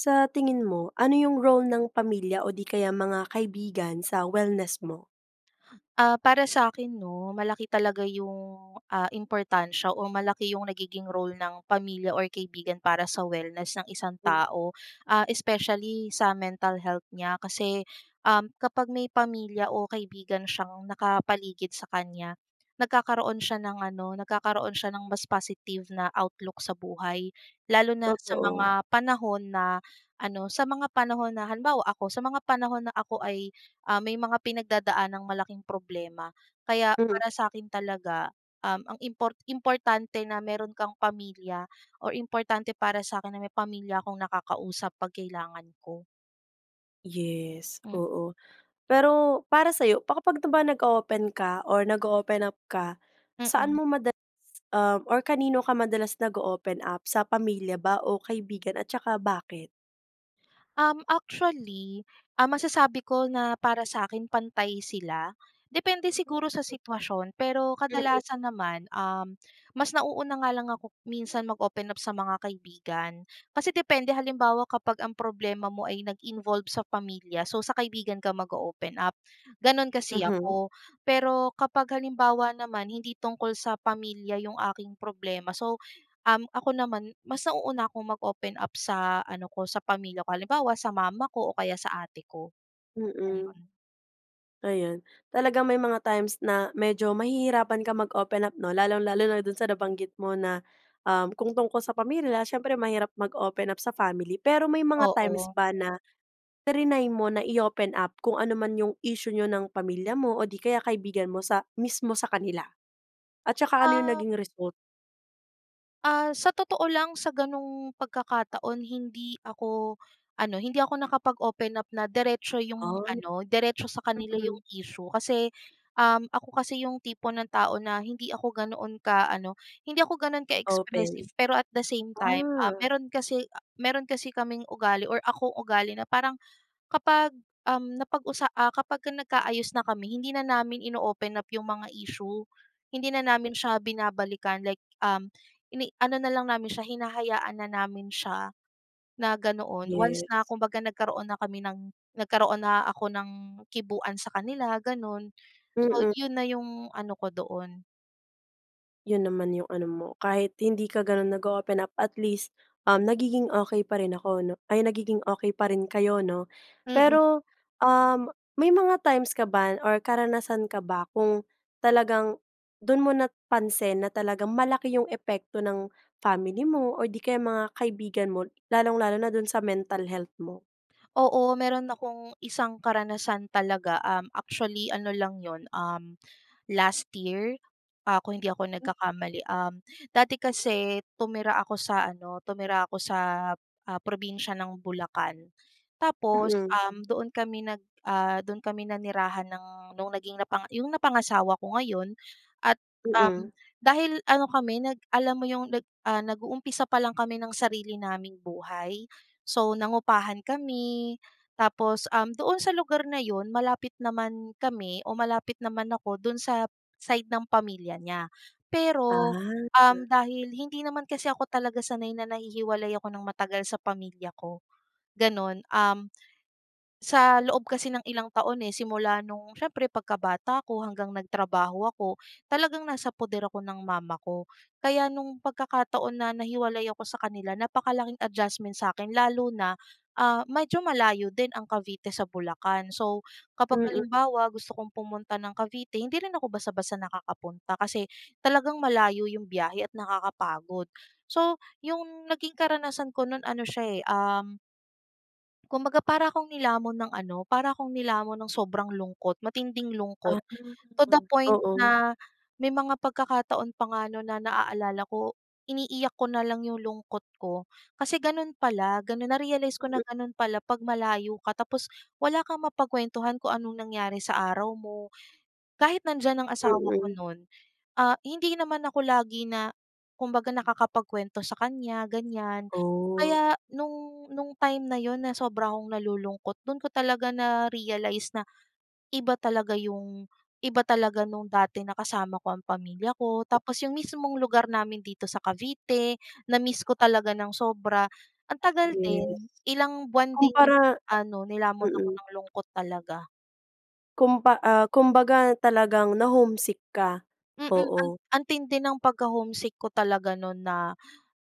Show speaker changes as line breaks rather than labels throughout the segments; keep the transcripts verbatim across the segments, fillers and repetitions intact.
Sa tingin mo, ano yung role ng pamilya o 'di kaya mga kaibigan sa wellness mo?
Ah, para sakin 'no, malaki talaga yung, ah, importansya o malaki yung nagiging role ng pamilya or kaibigan para sa wellness ng isang tao. Ah, especially sa mental health niya. Kasi, um, kapag may pamilya o kaibigan siyang nakapaligid sa kanya, nagkakaroon siya ng ano nagkakaroon siya ng mas positive na outlook sa buhay. Lalo na sa
Totoo.
mga panahon na ano sa mga panahon na halimbawa ako, sa mga panahon na ako ay, ah, may mga pinagdadaang malaking problema. Kaya
Hmm.
para sa'kin talaga, um, ang impor importante na meron kang pamilya, or importante para sakin na may pamilya akong nakakausap 'pag kailangan ko.
Yes,
M
oo. Pero para sayo, pa kapag ba nag-oopen ka or nag-oopen up ka, saan
Mm.
mo madalas, um or kanino ka madalas nag-oopen up? Sa pamilya ba o kaibigan? At saka bakit?
Um, actually, ah, masasabi ko na para sa'kin pantay sila? Depende siguro sa
[unintelligible]
sitwasyon. Pero
Mm.
kadalasan naman, um, mas nauuna nga lang ako minsan mag-open up sa mga kaibigan. Kasi depende, halimbawa kapag ang problema mo ay nag-involve sa pamilya, so sa kaibigan ka mag-oopen up. Gano'n kasi
Mhm.
ako. Pero kapag halimbawa naman, hindi tungkol sa pamilya 'yong aking problema, so, um, ako naman mas nauuna akong mag-open up sa ano ko, sa pamilya ko. Halimbawa sa mama ko o kaya sa ate ko.
Mm.
Gano'n.
Ayan. Talagang may mga times na medyo mahihirapan kang mag-open up, 'no? Lalong lalo na do'n sa nabanggit mo na, um, kung tungkol sa pamilya siyempre mahirap mag-open up sa family. Pero may mga times
Oo.
ba na, triny mo na i-open up kung ano man 'yong issue ninyo ng pamilya mo o 'di kaya kaibigan mo sa mismo sa kanila? At saka ano 'yong
Ah
naging result?
Ah, sa totoo lang sa gano'ng pagkakataon, hindi ako ano hindi ako nakapag-open up na diretso 'yong
Ay,
ano diretso sa kanila 'yong
mm.
issue. Kasi, um, ako kasi 'yong tipo ng tao na hindi ako ganoon ka-ano hindi ako ganoon
Open.
ka-expressive. Pero at the same time, ah,
Ah.
meron kasi a meron kasi kaming ugali or akong ugali na parang kapag, um, napag-usa ah, kapag nagka-ayos na kami, hindi na namin ino-open up 'yong mga issue. Hindi na namin siya binabalikan like, um, ini ano na lang namin siya, hinahayaan na namin siya na ganoon, once
Yes.
na kumbaga nagkaroon na kami ng nagkaroon na ako ng kibuan sa kanila gano'n. So
Mm.
'yon na 'yong ano ko doon.
Yun naman yung ano mo, kahit hindi ka ganun nag-o-open up at least, um, nagiging okey pa rin ako, 'no. Ay, nagiging okey pa rin kayo, 'no?
Mm.
Pero, um, may mga times ka ba or karanasan ka ba kung talagang dun mo napansin na talagang malaki yung epekto ng family mo, or 'di kaya mga kaibigan mo? Lalong-lalo na dun sa mental health mo?
Oo meron akong isang karanasan talaga. Um, actually ano lang yun, um, last year. Ah, kung hindi ako
[unintelligible]
nagkakamali. Um, dati kasi tumira ako sa ano, tumira ako sa, ah, probinsya ng Bulacan. Tapos,
Mm.
um, doon kami nag ah, doon kami nanirahan ng nung naging napanga yung napangasawa ko ngayon at, um,
Mm.
dahil ano kami nag alam mo yung nag ah, nag-uumpisa pa lang kami ng sarili naming buhay. So, nangupahan kami, tapos, um, doon sa lugar na yun, malapit naman kami o malapit naman ako dun sa side ng pamilya niya. Pero, um,
Ah.
dahil hindi naman kasi ako talaga sanay na nahihiwalay ako ng matagal sa pamilya ko, ganun. Um, sa loob kasi ng ilang taon eh, simula no'ng siyempre pagkabata ko hanggang nagtrabaho ako, talagang nasa puder ako ng mama ko. Kaya nung pagkakataon na nahiwalay ako sa kanila, napakalaking adjustment sa akin lalo na, ah, medyo malayo din ang Cavite sa Bulacan. So, kapag
Mm.
halimbawa gusto kong pumunta ng Cavite, hindi rin ako basta-basta nakakapunta, kasi talagang malayo 'yong biyahe at nakakapagod. So, 'yong naging karanasan ko no'n ano siya, eh, um kumbaga para akong nilamon ng ano para akong nilamon nung sobrang lungkot, matinding lungkot
Ah,
to the point
oo.
na may mga pagkakataon pa nga no'n na naalala ko, iniiyak ko na lang yung lungkot ko. Kasi ganun pala, ganun na-realize ko na
Mm.
ganun pala 'pag malayo ka, tapos wala kang mapagkuwentuhan kung anong nangyari sa araw mo. Kahit nandiyan ang asawa ko
Mm.
nun, ah, hindi naman ako lagi na kumbaga nakakapagkwento sa kanya, ganyan.
Ooh.
Kaya nung nung time na yun na sobra akong nalulungkot, dun ko talaga na-realize na, iba talaga yung iba talaga nung dati na kasama ko ang pamilya ko tapos yung mismong lugar namin dito sa Cavite, na-miss ko talaga ng sobra. Ang tagal din,
Yes.
ilang buwan din yun na
Kumpara
ano, nilamon ako
mm.
ng lungkot talaga.
Kumpa ah, kumbaga talagang na-homesick ka.
Mm. An
Oo.
ang tindi ng pagka-homesick ko talaga no'n na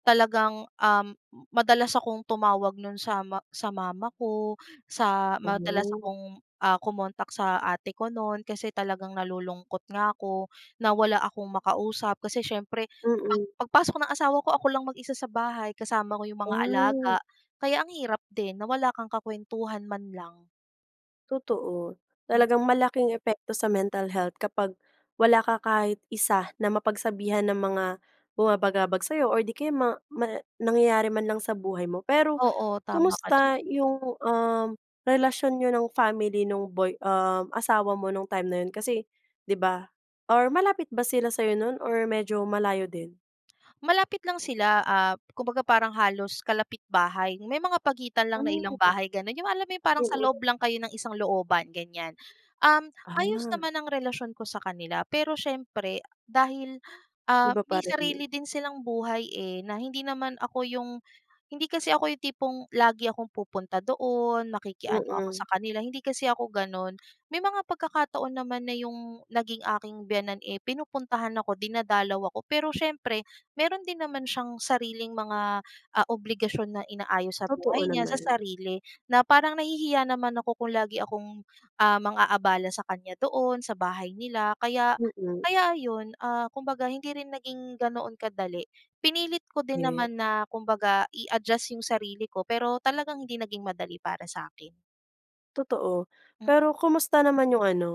talagang, um, madalas akong tumawag no'n sa ma sa mama ko. Sa madalas
Ganon.
akong, ah, kumontak sa ate ko no'n kasi talagang nalulungkot nga 'ko, na wala akong makausap. Kasi siyempre, pag
Mm.
pagpasok ng asawa ko, ako lang mag-isa sa bahay, kasama ko 'yong mga alaga.
Ah.
Kaya ang hirap din, na wala kang kakuwentuhan man lang.
Totoo.
Hmm.
Talagang malaking epekto sa mental health kapag wala ka kahit isa na mapagsabihan ng mga bumabagabag sa'yo or 'di kaya ma ma nangyayari man lang sa buhay mo. Pero,
Oo. Tama ka diyan.
kumusta yung, um, relasyon niyo ng family no'ng boy um, asawa mo no'ng time na yun? Kasi, 'di ba or malapit ba sila sa'yo no'n or medyo malayo din?
Malapit lang sila, ah, kumbaga parang halos kalapit-bahay. May mga pagitan lang na ilang
Hmm.
bahay, gano'n. Yung alam mo yung parang sa
Mm.
loob lang kayo ng isang looban, ganyan. Um, ayos
Ah.
naman ang relasyon ko sa kanila, pero siyempre, dahil, ah,
Iba
may
pa rin.
sarili din silang buhay, eh, na hindi naman ako yung hindi kasi ako yung tipong lagi akong pupunta doon, makiki-ano ako
Mm.
sa kanila. Hindi kasi ako gano'n. May mga pagkakataon naman na yung naging aking biyenan, eh, pinupuntahan ako, dinadalaw ako. Pero siyempre, meron din naman siyang sariling mga, ah, obligasyon na inaayos sa buhay
Totoo
niya, sa
naman.
sarili. Na parang nahihiya naman ako kung lagi akong, ah, mang-aabala sa kanya doon, sa bahay nila. Kaya
Mm.
kaya ayon, ah, kumbaga hindi rin naging ganoon kadali. Pinilit ko din
Ye
naman na kumbaga, i-adjust yung sarili ko pero talagang hindi naging madali para sa'kin.
Totoo.
Mm.
Pero kumusta naman yung ano,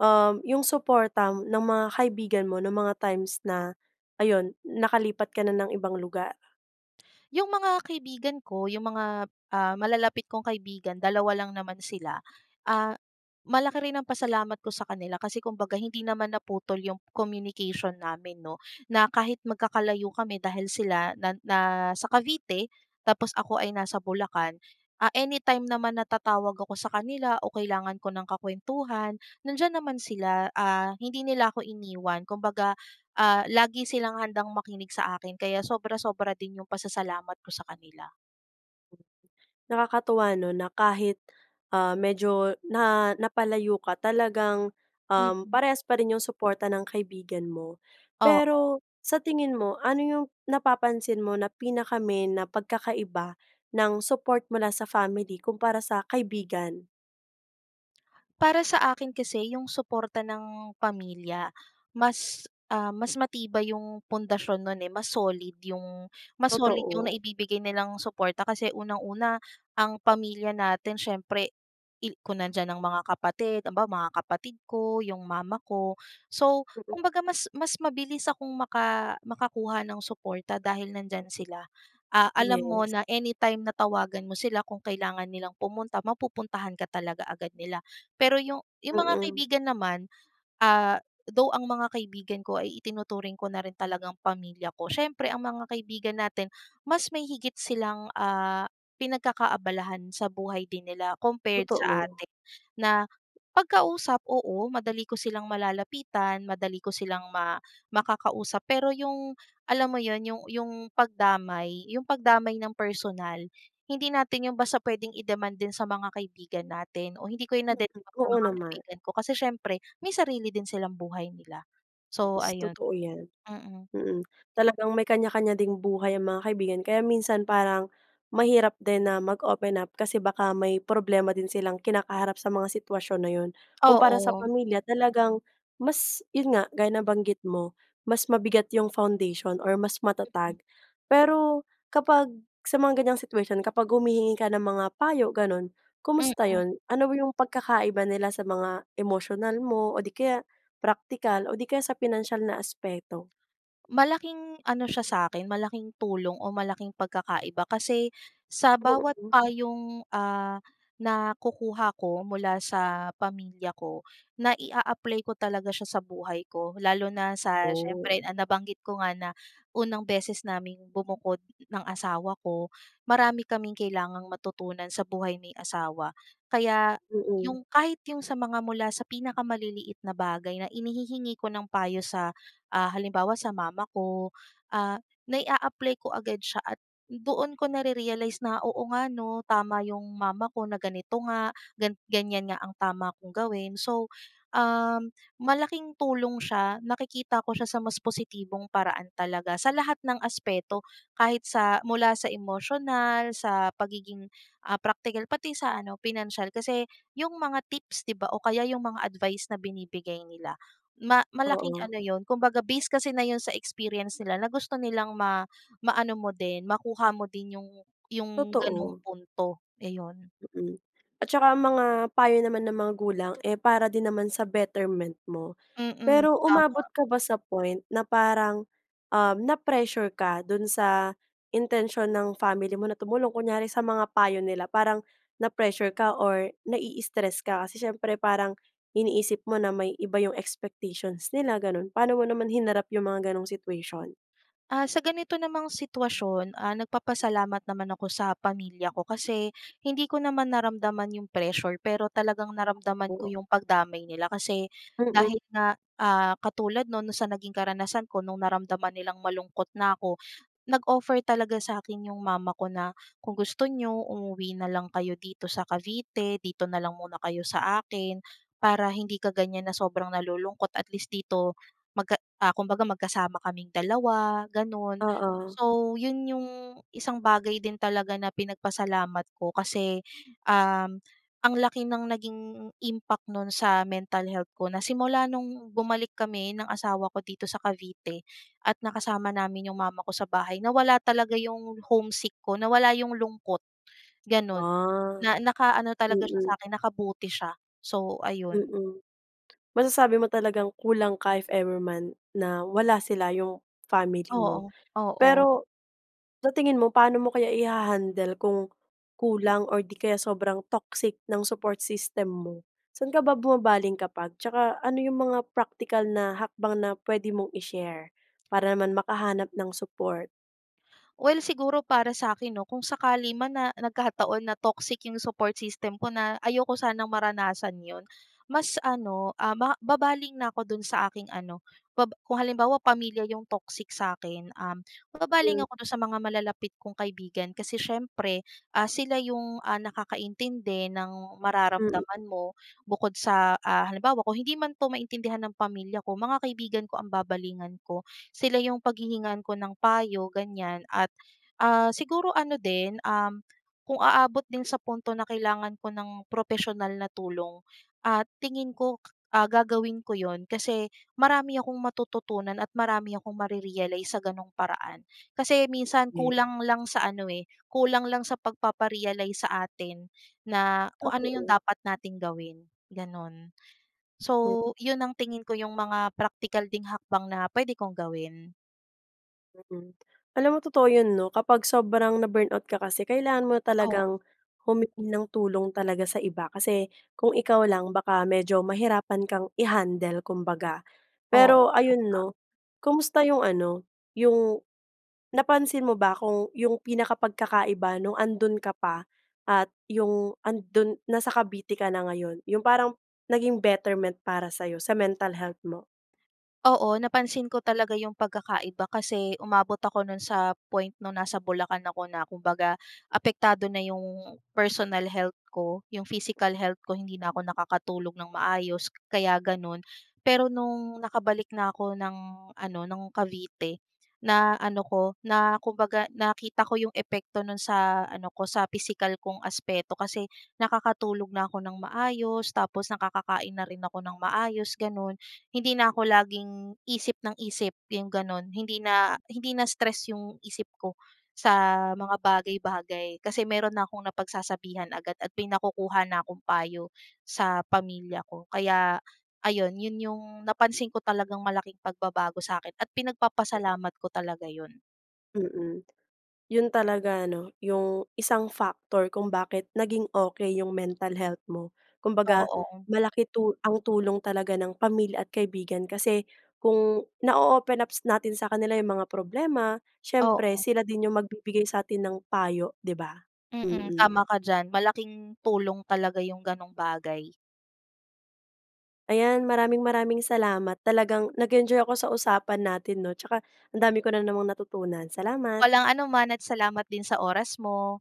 um, yung suporta ng mga kaibigan mo nong mga times na ayun, nakalipat ka na ng ibang lugar?
Yung mga kaibigan ko, yung mga, ah, malalapit kong kaibigan, dalawa lang naman sila. Ah, malaki rin ang pasalamat ko sa kanila kasi kumbaga hindi naman naputol yung communication namin 'no, na kahit magkakalayo kami dahil sila na na nasa Cavite tapos ako ay nasa Bulacan. Ah, anytime naman na tatawag ako sa kanila o kailangan ko ng kakwentuhan, nandiyan naman sila. Ah, hindi nila ako iniwan, kumbaga, ah, lagi silang handang makinig sa akin, kaya sobra-sobra din yung pasasalamat ko sa kanila.
Nakakatuwa 'no na kahit, ah, medyo na napalayo ka, talagang, um,
Mhm.
parehas pa rin yung suporta ng kaibigan mo. Pero
Oo.
sa tingin mo, ano yung napapansin mo na pinaka-main na pagkakaiba ng support mula sa family kumpara sa kaibigan?
Para sa akin kasi 'yong suporta ng pamilya mas, ah, mas matibay 'yong pundasyon no'n eh, mas solid 'yong mas solid 'yong
Totoo.
naibibigay nilang suporta. Kasi unang-una, ang pamilya natin siyempre il kung nandiyan ang mga kapatid, ambaw mga kapatid ko, 'yong mama ko. So,
[unintelligible]
kumbaga mas mas mabilis akong maka makakuha nung suporta dahil nandiyan sila. Ah, alam mo
Yes.
na anytime na tawagan mo sila, kung kailangan nilang pumunta, mapupuntahan ka talaga agad nila. Pero 'yong 'yong mga
Mm.
kaibigan naman, ah, though ang mga kaibigan ko ay itinuturing ko na rin talagang pamilya ko, siyempre ang mga kaibigan natin mas may higit silang, ah, pinagkakaabalahan sa buhay din nila compared sa
Totoo.
atin. Na 'pag kausap oo, madali ko silang malalapitan, madali ko silang ma makakausap, pero 'yong alam mo 'yon, 'yong 'yong pagdamay 'yong pagdamay nang personal, hindi natin 'yon basta pwedeng i-demand din sa mga kaibigan natin. O hindi ko 'yon
Mm.
nadedemand sa
Oo
mga
naman.
kaibigan ko, kasi siyempre may sarili din silang buhay nila. So
Yes,
ayon.
totoo yan.
Mm.
Mm, talagang may kanya-kanya ding buhay ang mga kaibigan. Kaya minsan parang mahirap din na mag-open up kasi baka may problema din silang kinakaharap sa mga sitwasyon na 'yon. Kumpara sa
Oo.
pamilya talagang mas 'yon nga, gaya ng banggit mo, mas mabigat 'yong foundation or mas
Mm.
matatag. Pero kapag sa mga ganyang situation, kapag humihingi ka ng mga payo gano'n, kumusta
Mm.
'yon? Ano 'yong pagkakaiba nila sa mga emosyonal mo o 'di kaya praktikal o 'di kaya sa pinansiyal na aspeto?
Malaking ano siya sa'kin, malaking tulong o malaking pagkakaiba kasi sa bawat
Mm.
payong, ah, nakukuha ko mula sa pamilya ko, nai-aapply ko talaga siya sa buhay ko. Lalo na sa
Oh.
siyempre, ah, nabanggit ko nga na unang beses naming bumukod ng asawa ko, marami kaming kailangang matutunan sa buhay may asawa. Kaya,
Mm.
'yong kahit 'yong sa mga mula sa pinakamaliliit na bagay na inihihingi ko ng payo sa, ah, halimbawa sa mama ko, ah, nai-aapply ko agad siya at doon ko narerealize na, "Oo nga ano, tama 'yong mama ko, na ganito nga, gan ganyan nga ang tama kong gawin." So, um, malaking tulong siya, nakikita ko siya sa mas positibong paraan talaga. Sa lahat ng aspeto kahit sa mula sa emosyonal, sa pagiging, ah, praktikal, pati 'yong sa ano, pinansiyal. Kasi, 'yong mga tips 'di ba, o kaya 'yong mga advice na binibigay nila ma malaking
Oo.
ano 'yon kumbaga based kasi na 'yon sa experience nila, na gusto nilang ma maano mo din, makuha mo din 'yong 'yong gano'ng
Totoo.
punto. Iyon.
Mm. At saka ang mga payo naman ng magulang eh, para din naman sa betterment mo.
Mm,
Pero umabot
tama.
ka ba sa point na parang, um, na-pressure ka doon sa intensyon ng family mo na tumulong, kunyari sa mga payo nila? Parang na-pressure ka or nai-istress ka, kasi siyempre parang iniisip mo na may iba 'yong expectations nila gano'n, paano mo naman hinarap 'yong mga gano'ng situation?
Ah, sa ganito namang sitwasyon, ah, nagpapasalamat naman ako sa pamilya ko kasi hindi ko naman naramdaman 'yong pressure pero talagang naramdaman ko
[unintelligible]
'yong pagdamay nila. Kasi
Mm.
dahil nga, ah, katulad no'n, no'n sa naging karanasan ko nung naramdaman nilang malungkot na ako, nag-offer talaga sakin 'yong mama ko na, "Kung gusto ninyo, umuwi nalang kayo dito sa Cavite, dito na lang muna kayo sa akin, para hindi ka ganyan na sobrang nalulungkot at least dito magka" ah, kumbaga magkasama kaming dalawa gano'n.
Oo.
So 'yon 'yong isang bagay din talaga na pinagpasalamat ko kasi, um, ang laki ng naging impact no'n sa mental health ko. Na simula nung bumalik kami ng asawa ko dito sa Cavite at nakasama namin 'yong mama ko sa bahay, nawala talaga 'yong homesick ko, nawala 'yong lungkot, gano'n.
Ah.
Na naka-ano talaga siya sa
Mm.
akin, nakabuti siya. So, ayon.
Mm. Masasabi mo talagang kulang ka if ever man na wala sila, 'yong family mo.
Oo, oo.
Pero, sa tingin mo paano mo kaya iha-handle kung kulang or di kaya sobrang toxic ng support system mo? Saan ka ba bumabaling kapag? Tsaka ano 'yong mga praktikal na hakbang na pwede mong i-share, para naman makahanap ng support?
Well, siguro para sa'kin 'no, kung sakali man na nagkataon na toxic yung support system ko, na ayoko sanang maranasan yun. Mas ano, um, ma babaling na ako dun sa aking ano, bab kung halimbawa pamilya yung toxic sa'kin, um, babaling
[unintelligible]
ako dun sa mga malalapit kong kaibigan kasi siyempre, ah, sila yung, ah, nakakaintindi ng
Mm.
mararamdaman mo bukod sa, ah, halimbawa, kung hindi man 'to maintindihan ng pamilya ko, mga kaibigan ko ang babalingan ko, sila yung paghihingan ko ng payo, ganyan. At, ah, siguro ano din, um, kung aabot din sa punto na kailangan ko ng propesyonal na tulong, ah, tingin ko, ah, gagawin ko 'yon kasi marami akong matututunan at marami akong mare-realize sa ganung paraan. Kasi minsan
Ye
kulang lang sa ano, eh, kulang lang sa pagpapa-realize sa atin na kung ano yung
Totoo.
dapat nating gawin, gano'n.
Hmm.
So, yun ang tingin ko, yung mga praktikal ding hakbang na pwede kong gawin.
[unintelligible] Alam mo totoo 'yon 'no, kapag sobrang na-burnout ka kasi, kailangan mo na
Oo.
talagang humingi ng tulong talaga sa iba. Kasi kung ikaw lang, baka medyo mahirapan kang i-handle, kumbaga. Pero
Oo,
ayun
tama.
'no, kumusta 'yong ano, 'yong napansin mo ba kung 'yong pinaka pagkakaiba nung andun ka pa, at 'yong ando'n nasa Cavite ka na ngayon, 'yong parang naging betterment para sa'yo, sa mental health mo?
Oo napansin ko talaga 'yong pagkakaiba kasi umabot ako no'n sa point no'ng nasa Bulacan ako na kumbaga apektado na 'yong personal health ko. 'Yong physical health ko, hindi na ako nakakatulog ng maayos kaya gano'n. Pero no'ng nakabalik na ako ng ano, ng Cavite, na ano 'ko, na kumbaga nakita ko 'yong epekto no'n sa ano ko, sa pisikal kong aspeto kasi nakakatulog na ako ng maayos, tapos nakakakain na rin ako ng maayos, gano'n. Hindi na ako laging isip ng isip, 'yong gano'n. Hindi na hindi na stress 'yong isip ko sa mga bagay-bagay kasi meron na akong napagsasabihan agad at may nakukuha na akong payo sa pamilya ko. Kaya ayon, 'yon yung napansin ko talagang malaking pagbabago sa akin at pinagpapasalamat ko talaga 'yon.
Mm. 'Yon talaga 'no, 'yong isang factor kung bakit naging okey 'yong mental health mo. Kumbaga
Oo.
malaki tu ang tulong talaga ng pamilya at kaibigan kasi kung nao-open ups natin sa kanila 'yong mga problema, siyempre
Oo.
sila din 'yong magbibigay sa atin ng payo, 'di ba?
Mm,
Mm.
tama ka diyan. Malaking tulong talaga 'yong gano'ng bagay.
Ayan, maraming-maraming salamat. Talagang nag-enjoy ako sa usapan natin 'no, tsaka ang dami ko na namang natutunan. Salamat.
Walang anuman at salamat din sa oras mo.